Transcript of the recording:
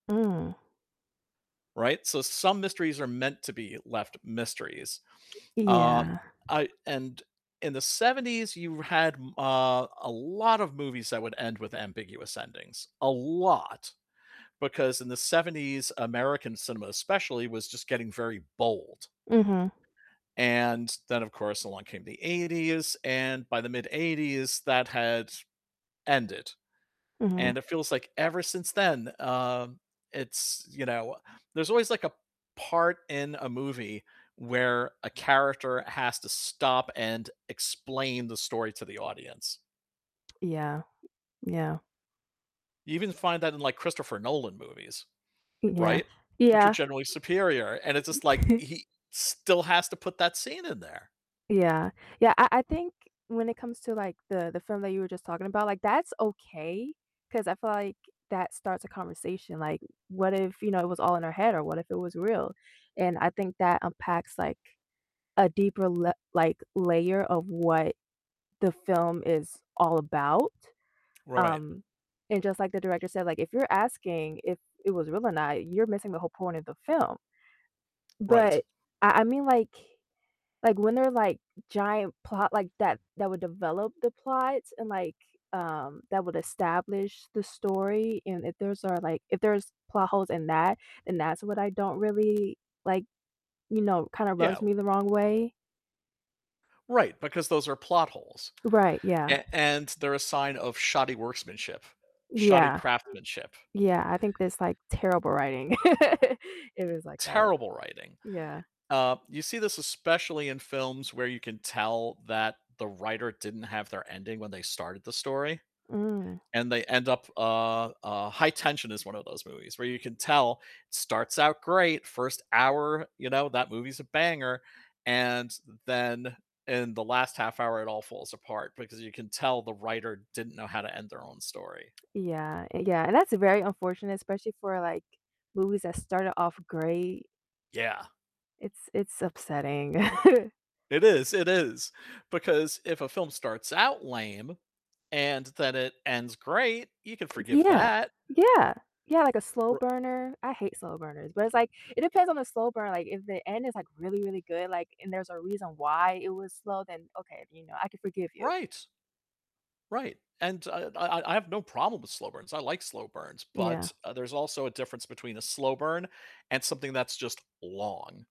Mm. Right? So some mysteries are meant to be left mysteries. Um, Yeah. I and in the '70s you had m uh, a lot of movies that would end with ambiguous endings. A lot. Because in the '70s, American cinema especially, was just getting very bold. Mhm. And then of course, along came the '80s, and by the mid '80s that had ended. Mhm. And it feels like ever since then, um, it's, you know there's always like a part in a movie where a character has to stop and explain the story to the audience. Yeah. Yeah. You even find that in, like, Christopher Nolan movies, Mm yeah. right? Which are Yeah generally superior, and it's just like he still has to put that scene in there. Yeah. Yeah, I I think when it comes to, like, the the film that you were just talking about, like, that's okay 'cause I feel like that starts a conversation. Like, what if, you know, it was all in her head or what if it was real? And I think that unpacks, like, a deeper le like, layer of what the film is all about. Right. Um, and just like the director said, like, if you're asking if it was real or not, you're missing the whole point of the film. Right. But I I mean, like like, when there are, like, giant plot like that that would develop the plot and like, um, that would establish the story, and if there's are, like If there's plot holes in that, then that's what I don't really like, you know, kinda rubs Yeah. me the wrong way. Right, because those are plot holes. Right. Yeah. A and they're a sign of shoddy workmanship, shoddy Yeah. craftsmanship. Yeah. I think that's, like, terrible writing if it was like that. Terrible writing. Yeah. Uh, you see this especially in films where you can tell that the writer didn't have their ending when they started the story. Mm. And they end up uh, uh, High Tension is one of those movies, where you can tell, starts out great, first hour, you know, that movie's a banger, and then in the last half hour it all falls apart because you can tell the writer didn't know how to end their own story. Yeah. Yeah and that's very unfortunate, especially for, like, movies that started off great. Yeah. It's it's upsetting. It is, it is. Because if a film starts out lame and then it ends great, you can forgive Yeah. that. Yeah. Yeah, like a slow R burner. I hate slow burners, but it's like, it depends on the slow burn, like, if the end is, like, really, really good, like, and there's a reason why it was slow, then okay, you know, I can forgive you. Right. Right. And I I I have no problem with slow burns, I like slow burns. Yeah. But, uh, there's also a difference between a slow burn and something that's just long.